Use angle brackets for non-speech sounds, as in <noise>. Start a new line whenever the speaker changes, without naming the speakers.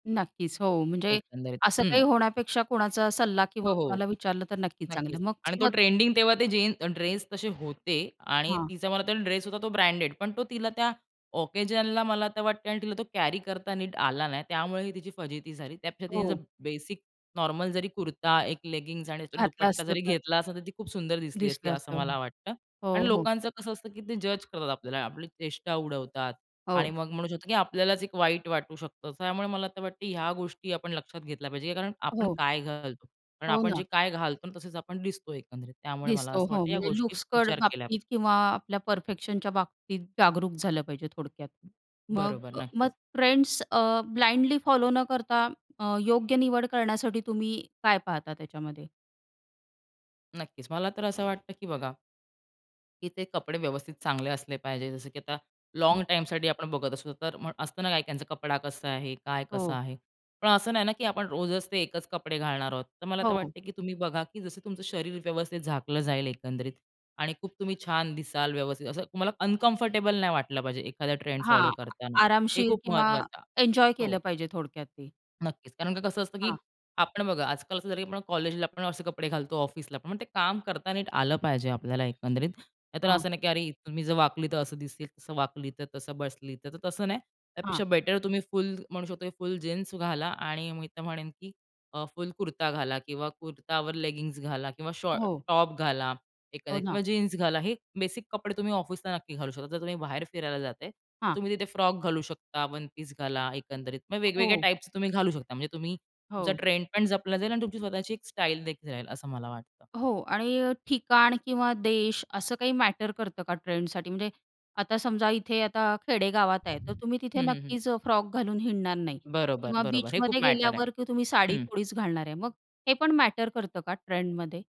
नक्कीच, हो. म्हणजे
एकंदरीत.
असं
हं.
काही होण्यापेक्षा कोणाचा सल्ला
हो,
किंवा
हो.
कोणाला विचारलं तर नक्कीच चांगलं.
नक्कीच.
मग
आणि तो
स्व
ट्रेंडिंग तेव्हा ते जीन्स ड्रेस तसे होते आणि
हां.
तिचा मला वाटतो ड्रेस होता तो ब्रँडेड. पण तो तिला त्या ओकेजनला मला तर वाटते आणि तिला तो कॅरी करता नीट आला नाही, त्यामुळे ही तिची फजिती झाली. त्यापेक्षा तिने जर
हो.
बेसिक नॉर्मल जरी कुर्ता, एक लेगिंग्स आणि त्याच्यावर
घातला
दुपट्टा
असतं
जरी
तर.
घेतला असता, तर ती खूप सुंदर दिसली असती,
दिसलं
असं
असतं.
मला वाटतं.
हो,
आणि
हो.
लोकांचं कसं असतं, की ते जज करतात आपल्याला, आपली चेष्टा उडवतात आणि
हो.
मग म्हणू शकतो की आपल्यालाच एक वाईट वाटू शकतं. त्यामुळे मला वाटतं ह्या गोष्टी आपण लक्षात घेतल्या पाहिजे, कारण आपण
हो.
काय घालतो. कारण
हो,
आपण
ना.
जे काय घालतो तसेच आपण दिसतो एकंदरीत. त्यामुळे मला
दिसतो.
असं
हो.
वाटतं या
म्हणजे
गोष्टी
लुक्सकडे
विचार केल्या पाहिजे.
बाबतीत किंवा आपल्या परफेक्शनच्या बाबतीत जागरूक झालं पाहिजे थोडक्यात.
<unintelligible>
मग
बरोबर
अ, मग
नक्कीच.
फ्रेंड्स अ, ब्लाइंडली फॉलो न करता अ, योग्य निवड करण्यासाठी तुम्ही काय पाहता त्याच्यामध्ये?
नक्कीच. मला तर असं वाटतं की बघा की ते कपडे व्यवस्थित चांगले असले पाहिजे. जसं की आता लाँग
हं.
टाईमसाठी आपण बघत असतो, तर मग असतं ना, काही-काहींचं त्यांचा कपडा कसा आहे? काय कसं
हो.
आहे? पण असं नाही ना, की आपण रोजच ते एकच कपडे घालणार आहोत. तर मला तर
हो, हो.
वाटत, की तुम्ही बघा की जसं तुमचं शरीर व्यवस्थित झाकलं जाईल एकंदरीत आणि खूप तुम्ही छान दिसाल व्यवस्थित असं, तुम्हाला अनकंफर्टेबल नाही वाटलं पाहिजे, एखादा ट्रेंड
हां.
फॉलो करताना, हे
आरामशीर
खूप
किंवा
महत्वाचं आहे.
एन्जॉय केलं
हो.
पाहिजे थोडक्यात ते.
नक्कीच. कारण का कसं असतं की
हां.
आपण बघा, आजकाल असं झालं की आपण कॉलेजला आपण असे कपडे घालतो, ऑफिसलापण मग ते काम करता नीट आलं पाहिजे आपल्याला एकंदरीत. नाहीतर
हां.
असं नाही की अरे तुम्ही जर वाकलीतर असं दिसेल, तसं वाकलीतर, तसं बसलीतर तसं नाही.
हां.
त्यापेक्षा बेटर तुम्ही फुल म्हणू शकतो फुल जीन्स घाला आणि मी तर म्हणेन की अ, फुल कुर्ता घाला किंवा कुर्तावर लेगिंग्ज घाला किंवा शॉर्ट
हो.
टॉप घाला
हो,
एखादा
ना.
किंवा जीन्स घाला हे बेसिक कपडे तुम्ही ऑफिसला नक्की घालू शकता. जर तुम्ही बाहेर फिरायला जाताय तर
हां.
तुम्ही तिथे फ्रॉक घालू शकता वन पीस घाला एकंदरीत. मग
अ,
वेगवेगळ्या
हो.
टाईप्सचे तुम्ही घालू शकता. म्हणजे तुम्ही तुमचा
हो.
ट्रेंडपण जपला जाईल आणि तुमची स्वतःची एक स्टाईल देखील राहील, असं मला वाटतं.
हो. आणि अ, ठिकाण किंवा देश असं काही मॅटर करतं का ट्रेंडसाठी म्हणजे आता समजा इथे आता खेडे गावात आहे. तर तुम्ही
हं,
तिथे
हं, हं.
नक्कीच फ्रॉक घालून हिंडणार नाही
बरोबर,
किंवा
बरोबर. हे खूप
बीचमध्ये
मॅटर आहे.
गेल्यावर, की तुम्ही साडी
हं.
थोडीच घालणार आहे. मग हे पण मॅटर करतं का ट्रेंडमध्ये?